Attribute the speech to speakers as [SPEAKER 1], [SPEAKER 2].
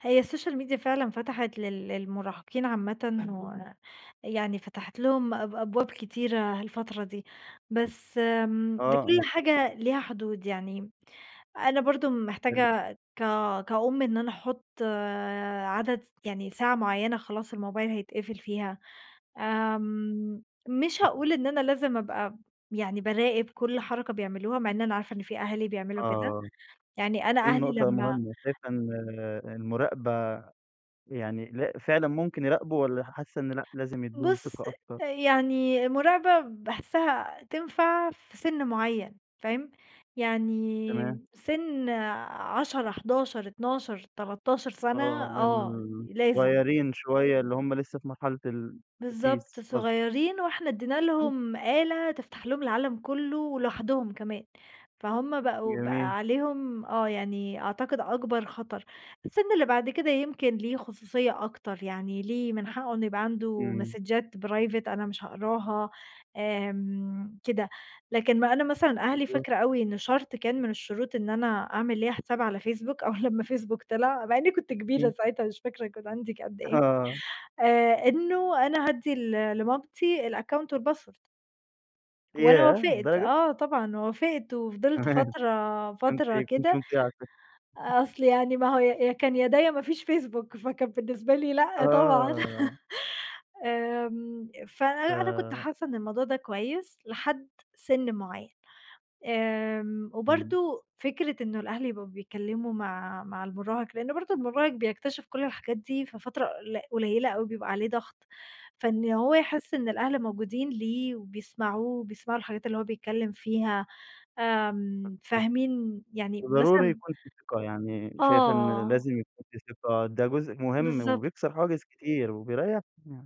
[SPEAKER 1] هي السوشيال ميديا فعلًا فَتحِت لل للمراهقين عامةً، و يعني فَتحِت لهم أب أبواب كتيرة الفترة دي، بس آمم،
[SPEAKER 2] آه،
[SPEAKER 1] لكُل
[SPEAKER 2] مفـهو
[SPEAKER 1] حاجة ليها حدود، يعني أنا برضو
[SPEAKER 2] حلو.
[SPEAKER 1] محتاجة كا كأم إن أنا أحط عدد يعني ساعة معيّنة خلاص الموبايل هيتقفل فيها، آمم، مش هاقول إن أنا لازم أبقى يعني باراقب كل حركة بيعملوها، مع إن أنا عارفة إن في أهالي بيعملوا كده،
[SPEAKER 2] آه.
[SPEAKER 1] يعني أنا
[SPEAKER 2] دي
[SPEAKER 1] أهلي
[SPEAKER 2] النُقطة
[SPEAKER 1] لمّا
[SPEAKER 2] المُهمة، شايفة إن المُراقبة يعني ل فعلًا ممكن يراقبوا والّا حاسّة إن لأ، لازم يدوهم
[SPEAKER 1] بُص،
[SPEAKER 2] ثقة أكتر؟
[SPEAKER 1] يعني المُراقبة باحسّها تنفع في سِن مُعيّن، فاهم؟
[SPEAKER 2] تمام.
[SPEAKER 1] يعني سِن 10، 11، 12، 13 سنة
[SPEAKER 2] آه،
[SPEAKER 1] آه،
[SPEAKER 2] إن
[SPEAKER 1] لازم.
[SPEAKER 2] صُغيرين شوية اللي هم لسه في مرحلة ال
[SPEAKER 1] بالضبط،
[SPEAKER 2] التأسيس قصد
[SPEAKER 1] صُغيرين وإحنا أدينا
[SPEAKER 2] [unintelligible]
[SPEAKER 1] لهم آلة تفتح لهم العالم كُله ولوحدهم كمان، فهم بقوا
[SPEAKER 2] جميل.
[SPEAKER 1] بقى عليهم آه يعني أعتقد أكبر خطر، السِن اللي بعد كده يمكن ليه خصوصية أكتر، يعني ليه من حقه إن يبقى عنده
[SPEAKER 2] إمم.
[SPEAKER 1] مسدجات Private أنا مش هاقرأها، آمم، كده، لكن ما أنا مثلًا أهلي،
[SPEAKER 2] بالضبط.
[SPEAKER 1] فاكرة أوي إنه شرط كان من الشروط إن أنا أعمل ليّا حساب على فيسبوك أول لمّا فيسبوك طلع، مع أنني كنت كبيرة
[SPEAKER 2] إمم.
[SPEAKER 1] ساعتها، مش فاكرة كان عندي قد إيه
[SPEAKER 2] آه.
[SPEAKER 1] آآ إنه أنا هادّي لمامتي الaccount والpassword وأنا
[SPEAKER 2] ياه
[SPEAKER 1] وافقت،
[SPEAKER 2] للدرجة!
[SPEAKER 1] آه طبعًا وافقت وفضلت
[SPEAKER 2] تمام
[SPEAKER 1] فترة
[SPEAKER 2] فأنتِ
[SPEAKER 1] فترة
[SPEAKER 2] كنتِ
[SPEAKER 1] كده،
[SPEAKER 2] مطيعة شكلك
[SPEAKER 1] أصل يعني ما هو ي يا كان يا ده، يا ما فيش فيسبوك فكان بالنسبة لي لأ طبعًا
[SPEAKER 2] آه.
[SPEAKER 1] آمم، فأنا أنا كنت
[SPEAKER 2] ف
[SPEAKER 1] حاسة إن الموضوع ده كويس لحد سن مُعيّن، آمم،
[SPEAKER 2] إمم.
[SPEAKER 1] وبرضو فكرة إن الأهل يبقوا بيتكلموا مع مع المراهق، لأن برضو المراهق بيكتشف كل الحاجات دي في فترة قل قليلة أوي، بيبقى عليه ضغط، فإن هو يحس إن الأهل موجودين ليه وبيسمعوه وبيسمعوا الحاجات اللي هو بيتكلم فيها آمم،
[SPEAKER 2] [unintelligible]
[SPEAKER 1] فاهمين يعني
[SPEAKER 2] وضروري
[SPEAKER 1] مثلًا
[SPEAKER 2] يكون في ثقة يعني شايفة إن
[SPEAKER 1] آه.
[SPEAKER 2] لازم يكون في ثقة، ده جزء مهم
[SPEAKER 1] بالضبط.
[SPEAKER 2] وبيكسر حواجز كتير وبيريحنا يعني.